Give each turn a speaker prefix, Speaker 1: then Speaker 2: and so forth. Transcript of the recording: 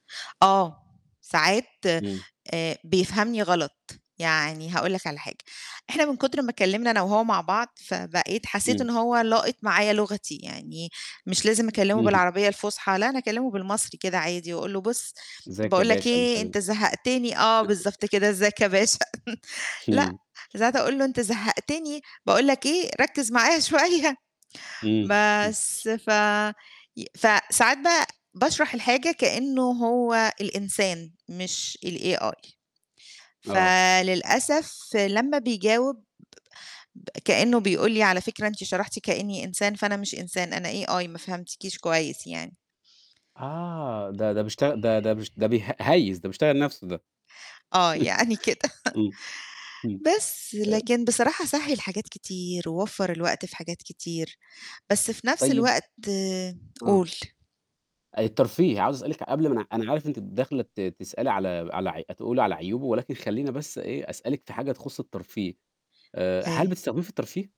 Speaker 1: آه، ساعات
Speaker 2: إمم.
Speaker 1: آآ، بيفهمني غلط. يعني هاقول لك على حاجة، إحنا من كُتر ما اتكلِّمنا أنا وهو مع بعض، فبقيت حسّيت إن
Speaker 2: إمم.
Speaker 1: هو لاقِط معايا لغتي، يعني مش لازم أكلِّمه
Speaker 2: اهم.
Speaker 1: بالعربية الفُصحى لا أنا أكلِّمه بالمصري كده عادي وأقول له بُصّ،
Speaker 2: إزيّك يا
Speaker 1: باقول لك
Speaker 2: باشا، مش
Speaker 1: إيه،
Speaker 2: عارف
Speaker 1: أنت
Speaker 2: إيه.
Speaker 1: زهَّقتني آه بالضبط كده، إزّيك يا باشا. لأ،
Speaker 2: إمم.
Speaker 1: ساعات أقول له أنت زهَّقتني باقول لك إيه، ركِّز معايا شوية.
Speaker 2: إمم، إمم.
Speaker 1: بس، ف ي فساعات بقى باشرح الحاجة كإنّه هو الإنسان مش الAI.
Speaker 2: آه.
Speaker 1: فللأسف لمّا بيجاوب ب كإنّه بيقول لي على فكرة أنتِ شرحتِ كإنّي إنسان، فأنا مش إنسان، أنا AI ما فهمتكيش كويس يعني.
Speaker 2: آه، ده ده بيشتغل ده ده بش ده بيه هيِّس، ده بيشتغل نَفْسه ده.
Speaker 1: آه، يعني كده.
Speaker 2: إمم، إمم.
Speaker 1: بس،
Speaker 2: آآ
Speaker 1: لكن بصراحة سهِّل حاجات كتير ووفَّر الوقت في حاجات كتير، بس في نَفْس
Speaker 2: طيب
Speaker 1: الوقت،
Speaker 2: آه.
Speaker 1: قُل.
Speaker 2: الترفيه، عاوز أسألِك قبل ما أنا أنا عارف إن أنتِ داخلة ت تسألي على على ع أ تقولي على عيوبه ولكن خلّيني بس إيه، أسألِك في حاجة تخُص الترفيه، آآ، هل
Speaker 1: إيه؟
Speaker 2: بتستخدميه في الترفيه؟